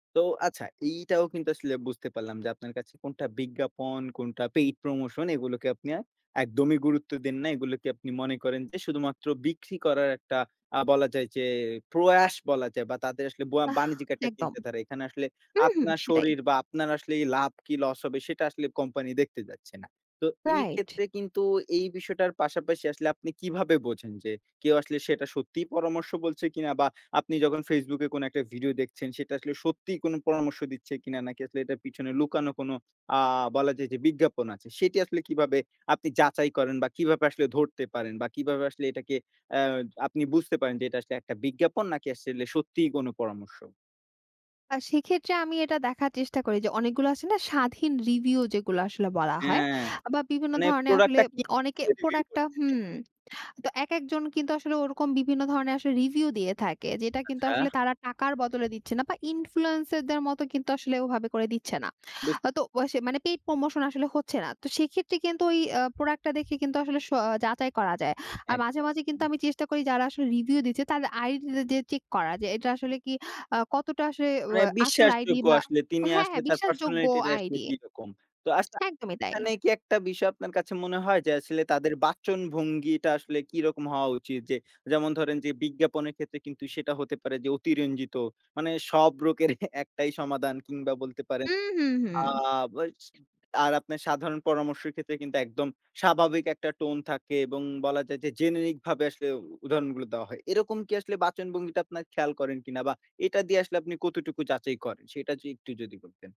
তো আচ্ছা। এইটাও কিন্তু আসলে বুঝতে পারলাম যে আপনার কাছে কোনটা বিজ্ঞাপন, কোনটা পেইড প্রমোশন এগুলোকে আপনি আ একদমই গুরুত্ব দেন না। এগুলোকে আপনি মনে করেন যে শুধুমাত্র বিক্রি করার একটা আ বলা যায় যে প্রয়াস বলা যায় বা তাদের আসলে বয়া আহ বাণিজ্যিক একটা একদম। চিন্তা ধারা। এখানে আসলে হু, হু আপনার সেটাই। শরীর বা আপনার আসলে লাভ কি লস হবে সেটা আসলে কোম্পানি দেখতে যাচ্ছে না। তো এই রাইট। ক্ষেত্রে কিন্তু এই বিষয়টার পাশাপাশি আসলে আপনি কিভাবে বোঝেন যে কেউ আসলে সেটা সত্যিই পরামর্শ বলছে কিনা বা আপনি যখন Facebook এ কোনো একটা ভিডিও দেখছেন সেটা আসলে সত্যিই কোনো পরামর্শ দিচ্ছে কিনা নাকি আসলে এটার পিছনে লুকানো কোনো অ্যা বলা যায় যে বিজ্ঞাপন আছে। সেটি আসলে কিভাবে আপনি যাচাই করেন বা কিভাবে আসলে ধরতে পারেন বা কিভাবে আসলে এটাকে অ্যা আপনি বুঝতে পারেন যে এটা আসলে একটা বিজ্ঞাপন নাকি আসলে সত্যিই কোনো পরামর্শ? আ সেক্ষেত্রে আমি এটা দেখার চেষ্টা করি যে অনেকগুলো আছে না স্বাধীন রিভিউ যেগুলা আসলে বলা হয় হ্যাঁ, আ বা বিভিন্ন মানে ধরনের আসলে প্রোডাক্টটা কি? অনেকে প্রোডাক্টটা [unintelligible] হুম তো একেকজন কিন্তু আসলে ওরকম বিভিন্ন ধরণের আসলে রিভিউ দিয়ে থাকে যেটা কিন্তু আচ্ছা। আসলে তারা টাকার বদলে দিচ্ছে না বা ইনফ্লুয়েন্সারদের মতো কিন্তু আসলে ওভাবে করে দিচ্ছে না। বুঝ তো বাসে মানে পেইড প্রমোশন আসলে হচ্ছে না। তো সেক্ষেত্রে কিন্তু ওই আ প্রোডাক্টটা দেখে কিন্তু আসলে সও যাচাই করা যায়। আর মাঝে, মাঝে কিন্তু একদম। আমি চেষ্টা করি যারা আসলে রিভিউ দিচ্ছে তাদের আইডিটা দিয়ে চেক করা যে এটা আসলে কি আ কতটা আসলে ও মানে আসল আইডি বিশ্বাসযোগ্য বা আসলে। তিনি হ্যাঁ, আসলে হ্যাঁ তার বিশ্বাসযোগ্য পার্সোনালিটিটা আসলে আইডি। কিরকম। তো আচ্ছা একদমই তাই। এখানে কি একটা বিষয় আপনার কাছে মনে হয় যে আসলে তাদের বাচনভঙ্গিটা আসলে কিরকম হওয়া উচিত? যে যেমন ধরেন যে বিজ্ঞাপনের ক্ষেত্রে কিন্তু সেটা হতে পারে যে অতিরঞ্জিত। মানে সব রোগের একটাই সমাধান কিংবা বলতে পারেন। হু, হু, হু। আ বস আর আপনার সাধারণ পরামর্শের ক্ষেত্রে কিন্তু একদম স্বাভাবিক একটা টোন থাকে এবং বলা যায় যে জেনেরিক ভাবে আসলে উদাহরণগুলো দেওয়া হয়। এরকম কি আসলে বাচনভঙ্গিটা আপনার খেয়াল করেন কিনা? বা এটা দিয়ে আসলে আপনি কতটুকু যাচাই করেন? সেটা য একটু যদি বলতেন?